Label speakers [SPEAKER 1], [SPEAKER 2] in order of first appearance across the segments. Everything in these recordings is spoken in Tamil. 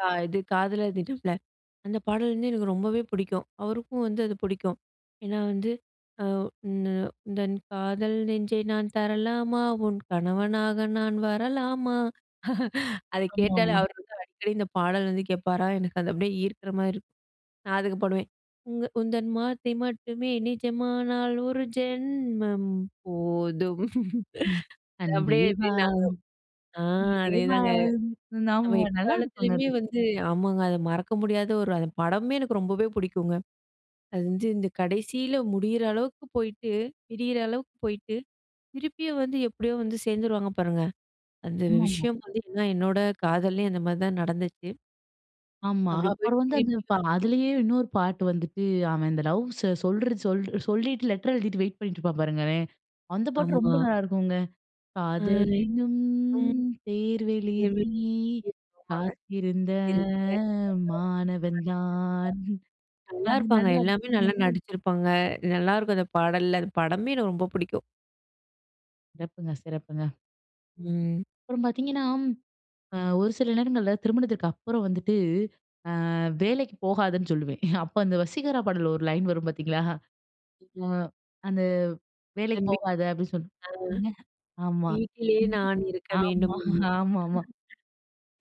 [SPEAKER 1] ஆ இது காதலர் தினம்ல, அந்த பாடல் வந்து எனக்கு ரொம்பவே புடிக்கும். அவருக்கும் வந்து அது புடிக்கும். ஏன்னா வந்து, "ஆ உந்த உந்தன் காதல் நெஞ்சை நான் தரலாமா? உன் கணவனாக நான் வரலாமா?" அதை கேட்டாலே
[SPEAKER 2] ஆமாமா.
[SPEAKER 1] அவர் வந்து அடிக்கடி இந்த பாடல் வந்து கேட்பாரா, எனக்கு அது அப்படியே ஈர்க்கிற மாரி இருக்கும். நா அதுக்கு பாடுவேன், "உங்க உந்தன் வார்த்தை மட்டுமே நிஜமானால், ஒரு ஜென்மம் போதும்."
[SPEAKER 2] ம். "அன்பே
[SPEAKER 1] அப்படியே எப்படி
[SPEAKER 2] வா,
[SPEAKER 1] நாங்க ஆ
[SPEAKER 2] உயிரே
[SPEAKER 1] அதே
[SPEAKER 2] வா,
[SPEAKER 1] தாங்க. நம்ம
[SPEAKER 2] நாம" நல்லா இருக்குங்க
[SPEAKER 1] எக்காலத்திலேயுமே
[SPEAKER 2] அது.
[SPEAKER 1] வந்து ஆமாங்க, அது மறக்க முடியாத ஒரு அது படமுமே எனக்கு ரொம்பவே புடிக்கும்ங்க. அது வந்து இந்த கடைசியில முடியற அளவுக்கு போயிட்டு பிரியிற அளவுக்கு போயிட்டு, திருப்பியும் வந்து எப்படியோ வந்து சேர்ந்துருவாங்க பாருங்க. அந்த
[SPEAKER 2] ஆமாமா.
[SPEAKER 1] விஷயம் வந்து எல்லாம், என்னோட காதல்லேயும் அந்த மாரி தான் நடந்துச்சு.
[SPEAKER 2] ஆமா,
[SPEAKER 1] அப்படி
[SPEAKER 2] அப்பறம்
[SPEAKER 1] போயிட்டு
[SPEAKER 2] வந்து அந்து
[SPEAKER 1] திருப்பி
[SPEAKER 2] பா
[SPEAKER 1] வந் [unintelligible]
[SPEAKER 2] அதுலேயே இன்னொரு பாட்டு வந்துட்டு, அவன் இந்த லவ்ஸ சொல்ற சொல் சொல்லீட்டு, லெட்டர் எழுதிட்டு வெயிட் பண்ணீட்ருப்பான் பாருங்களேன். அந்த பாட்டு ரொம்ப
[SPEAKER 1] ஆமா.
[SPEAKER 2] நல்லாருக்குங்க.
[SPEAKER 1] ஆய்.
[SPEAKER 2] "காதலெனும்
[SPEAKER 1] ம்,
[SPEAKER 2] தேர்வெழுதி
[SPEAKER 1] [unintelligible]
[SPEAKER 2] காத்திருந்த மாணவன் தான்." அது
[SPEAKER 1] நல்லாருப்பாங்க.
[SPEAKER 2] நல்லாருக்கும்.
[SPEAKER 1] எல்லாமே நல்லா நடிச்சிருப்பாங்க. நல்லா இருக்கும் அது பாடல்ல, அது படமுமே எனக்கு ரொம்ப புடிக்கும்.
[SPEAKER 2] சிறப்புங்க, சிறப்புங்க.
[SPEAKER 1] ம்.
[SPEAKER 2] அப்பறம் பார்த்தீங்கன்னா, அ ஒரு சில நேரங்கள்ல திருமணத்திற்கு அப்பறம் வந்துட்டு, அ வேலைக்கு போகாதன்னு சொல்லுவேன். அப்ப அந்த "வசீகரா" பாட்டுல ஒரு லைன் வரும் பார்த்தீங்களா, "அ அந்த வேலைக்கு
[SPEAKER 1] தன் வீட்டி
[SPEAKER 2] போகாத" அப்படி சொல்லும்.
[SPEAKER 1] ஆ.
[SPEAKER 2] ஆமா,
[SPEAKER 1] வீட்டிலே நான் இருக்க வேண்டும்
[SPEAKER 2] ஆமா,
[SPEAKER 1] என்னு. [unintelligible]
[SPEAKER 2] ஆமாமா.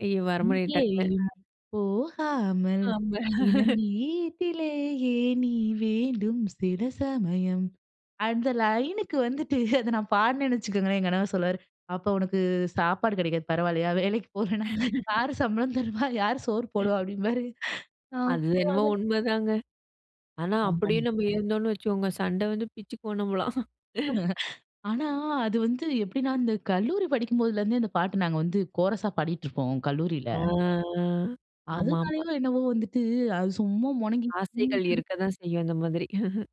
[SPEAKER 1] ஐயோ! வர மாட்டிது டக்குன்னு.
[SPEAKER 2] "இங்கேயும்
[SPEAKER 1] அ.
[SPEAKER 2] போகாமல்
[SPEAKER 1] ஆமா.
[SPEAKER 2] தினம் வீட்டிலேயே நீ வேண்டும். சில சமயம்" அந்த லைனுக்கு வந்துட்டு அதை நா பாடுனேன்னு வச்சுக்கோங்களேன், என் கணவர் சொல்லுவாரு, "அப்ப உனக்கு சாப்பாடு கிடைக்காது, பரவால்லையா? வேலைக்கு போலனா யார் சம்பளம் தருவா? யாரு சோறு போடுவா?" அப்படீம்பாரு.
[SPEAKER 1] அது
[SPEAKER 2] அப்ப
[SPEAKER 1] என்னமோ
[SPEAKER 2] வந்துட்டு
[SPEAKER 1] உண்மதாங்க. ஆனா, அப்படியே
[SPEAKER 2] [unintelligible]
[SPEAKER 1] நம்ம இருந்தோன்னு வச்சுக்கோங்க, சண்ட வந்து பிச்சுக்குவோம் நம்மள்லாம்.
[SPEAKER 2] ஆனா, அது வந்து எப்படின்னா இந்த கல்லூரி படிக்கும் போதுலருந்தே, அந்த பாட்டு நாங்க வந்து கோரஸா பாடிட்டுருப்போம் கல்லூரில.
[SPEAKER 1] ஆ. ஆ. ஆமா, ஆமா.
[SPEAKER 2] அதுனாலையோ என்னவோ வந்துட்டு அது சும்மா மொனங்கி
[SPEAKER 1] ஆசைகள்
[SPEAKER 2] [unintelligible]
[SPEAKER 1] இருக்கதான் செய்யும், அந்த மாதிரி.